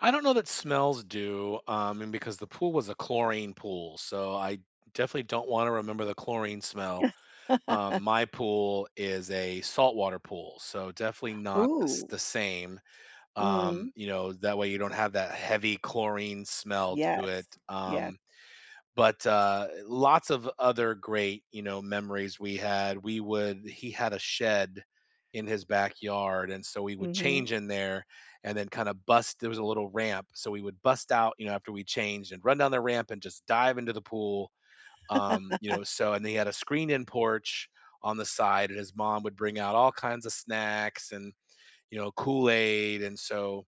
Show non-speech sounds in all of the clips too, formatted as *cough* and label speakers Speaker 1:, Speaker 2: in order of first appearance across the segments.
Speaker 1: I don't know that smells do, um, and because the pool was a chlorine pool, so I definitely don't wanna remember the chlorine smell. Um,
Speaker 2: *laughs*
Speaker 1: my pool is a saltwater pool, so definitely not the s
Speaker 2: Ooh.
Speaker 1: the same, um,
Speaker 2: Mm.
Speaker 1: you know, that way, you don't have that heavy chlorine smell to it,
Speaker 2: Yes, ye
Speaker 1: um, but, uh, lots of other great, you know, memories we had, we would he had a shed in his backyard, and so we would
Speaker 2: Mhm.
Speaker 1: change in there, and then kinda bust there was a little ramp, so we would bust out, you know, after we changed, and run down the ramp, and just dive into the pool, um, you
Speaker 2: *laughs*
Speaker 1: know, so and they had a screened-in porch on the side, and his mom would bring out all kinds of snacks and, you know, Kool-Aid, and so,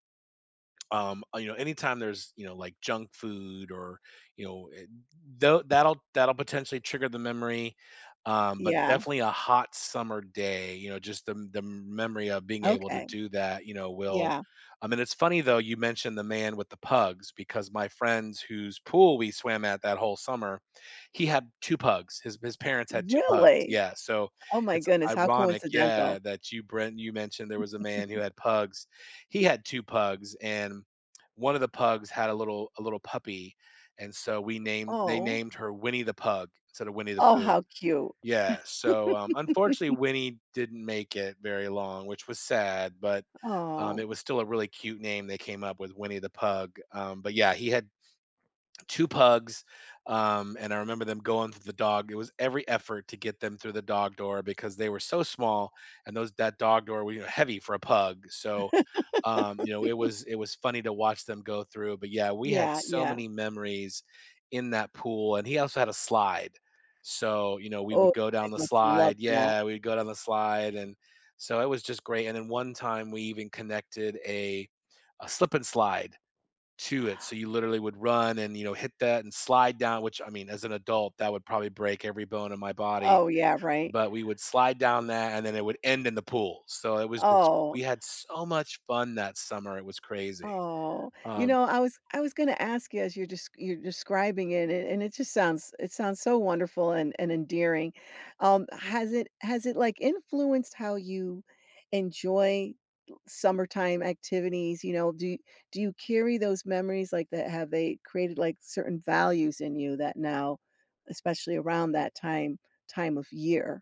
Speaker 1: um, uh, you know, anytime there's, you know, like, junk food, or, you know, eh, though that'll that'll potentially trigger the memory, um, but
Speaker 2: Yeah.
Speaker 1: definitely a hot summer day, you know, just the m the memory of being able to
Speaker 2: Okay.
Speaker 1: do that, you know, will
Speaker 2: Yeah.
Speaker 1: I mean, it's funny, though, you mentioned the man with the pugs because my friends whose pool we swam at that whole summer, he had 2 pugs. His his parents had 2 pugs.
Speaker 2: Really?
Speaker 1: Yeah, so
Speaker 2: Oh my
Speaker 1: it's
Speaker 2: goodness, how
Speaker 1: ironic,
Speaker 2: coincidental.
Speaker 1: yeah, that you bren you mentioned there was a man who
Speaker 2: *chuckles*
Speaker 1: had pugs. He had 2 pugs and one of the pugs had a little a little puppy, and so we named they
Speaker 2: Oh.
Speaker 1: named her Winnie the Pug instead of Winnie the
Speaker 2: Oh,
Speaker 1: Pooh.
Speaker 2: how cute.
Speaker 1: Yeah, so, um, unfortunately,
Speaker 2: *laughs*
Speaker 1: Winnie didn't make it very long, which was sad, but, um,
Speaker 2: Oh.
Speaker 1: it was still a really cute name they came up with, Winnie the Pug, um, but, yeah, he had 2 pugs, um, and I remember them going through the dog it was every effort to get them through the dog door because they were so small, and those that dog door w y heavy for a pug, so, um, you know, it
Speaker 2: *laughs*
Speaker 1: was it was funny to watch them go through, but, yeah, we had
Speaker 2: Yeah,
Speaker 1: so
Speaker 2: yeah.
Speaker 1: many memories in that pool, and he also had a slide. So, you know, we
Speaker 2: Oh,
Speaker 1: would go
Speaker 2: guys
Speaker 1: down the
Speaker 2: must have loved
Speaker 1: slide.
Speaker 2: that.
Speaker 1: Yeah, we'd go down the slide, and so, it was just great, and then one time, we even connected a a Slip 'N Slide to it, so you literally would run, and, you know, hit that, and slide down which, I mean, as an adult, that would probably break every bone in my body,
Speaker 2: Oh, yeah, right?
Speaker 1: but we would slide down that, and then it would end in the pool, so it was just
Speaker 2: Oh.
Speaker 1: we had so much fun that summer, it was crazy,
Speaker 2: Oh. You
Speaker 1: um
Speaker 2: know, I was I was gonna ask you as you're desc you're describing it, and and it just sounds it sounds so wonderful and and endearing. Um, has it has it, like, influenced how you enjoy summertime activities? You know, do do you carry those memories like that? Have they created, like, certain values in you that now, especially around that time time of year?